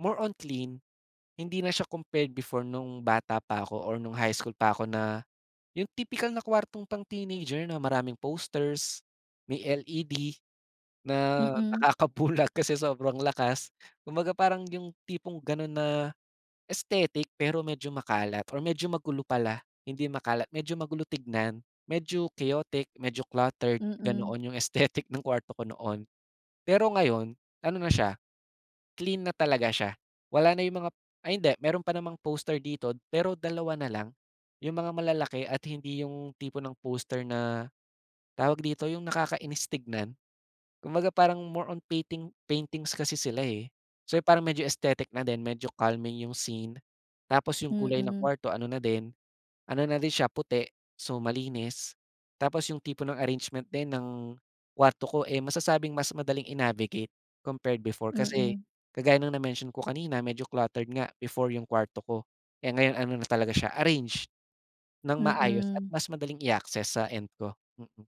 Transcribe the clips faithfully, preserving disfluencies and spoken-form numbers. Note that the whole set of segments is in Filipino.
More on clean. Hindi na siya compared before nung bata pa ako or nung high school pa ko na yung tipikal na kuwartong pang teenager na maraming posters, may LED na Mm. nakakabulag kasi sobrang lakas. Kumbaga, parang 'yong tipong gano'n na aesthetic, pero medyo makalat or medyo magulo pala hindi makalat. Medyo magulo tignan. Medyo chaotic, medyo cluttered, Mm. ganoon 'yong aesthetic ng kwarto ko noon. Pero ngayon ano na siya, clean na talaga siya wala na 'yong mga ay hindi, meron pa namang poster dito, pero dalawa na lang. 'Yong mga malalaki at hindi yung tipo ng poster na tawag dito, 'yong nakakainis tignan. Kumbaga parang more on painting paintings kasi sila, eh. So, parang medyo aesthetic na din, medyo calming 'yong scene tapos 'yong kulay ng Mm. kwarto ano na din, ano na din siya, puti so, malinis. Tapos 'yong tipo ng arrangement din ng kwarto ko, eh, masasabing mas madaling i-navigate compared before. Kasi Mm. kagaya ng na-mention ko kanina medyo cluttered nga before 'yong kwarto ko. Eh, ngayon ano na talaga siya arrange ng maayos at Mm. mas madaling i-access sa end ko, mm.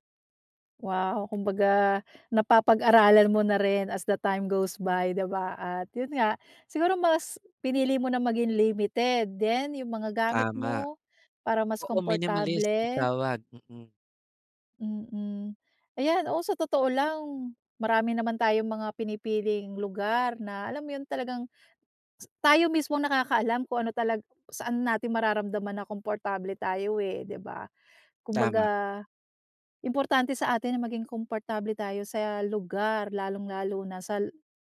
Wow, kumbaga napapag-aralan mo na rin as the time goes by, di ba, at 'yon nga, siguro mas pinili mo na maging limited din 'yong mga gamit Tama. mo para mas Oo, minimalist ang komportable. tawag, mm. Mm. Ayan, oh, sa totoo lang marami naman tayong mga pinipiling lugar na alam mo 'yon talagang tayo mismo ang nakakaalam kung ano talag saan natin mararamdaman na komportable tayo, eh, di ba? Tama. Kumbaga, importante sa atin na maging komportable tayo sa lugar lalong-lalo na sa l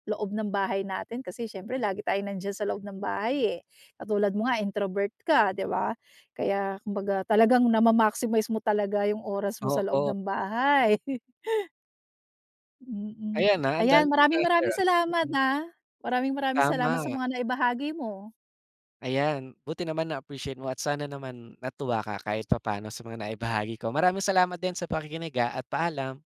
loob ng bahay natin kasi syempre lagi tayong nandiyan sa loob ng bahay, eh. Katulad mo nga introvert ka, di ba? Kaya kumbaga talagang nama-maximize mo talaga 'yong oras mo sa loob Oo. ng bahay. Mm. Ayan, ha, Ayan, andami kong maraming-maraming nai-share, ah, salamat, mm. ah. Maraming-maraming salamat sa Tama. mga naibahagi mo. Ayan. Buti naman na-appreciate mo at sana naman natuwa ka kahit papano sa mga naibahagi ko. Maraming salamat din sa pakikinig, ah, at paalam.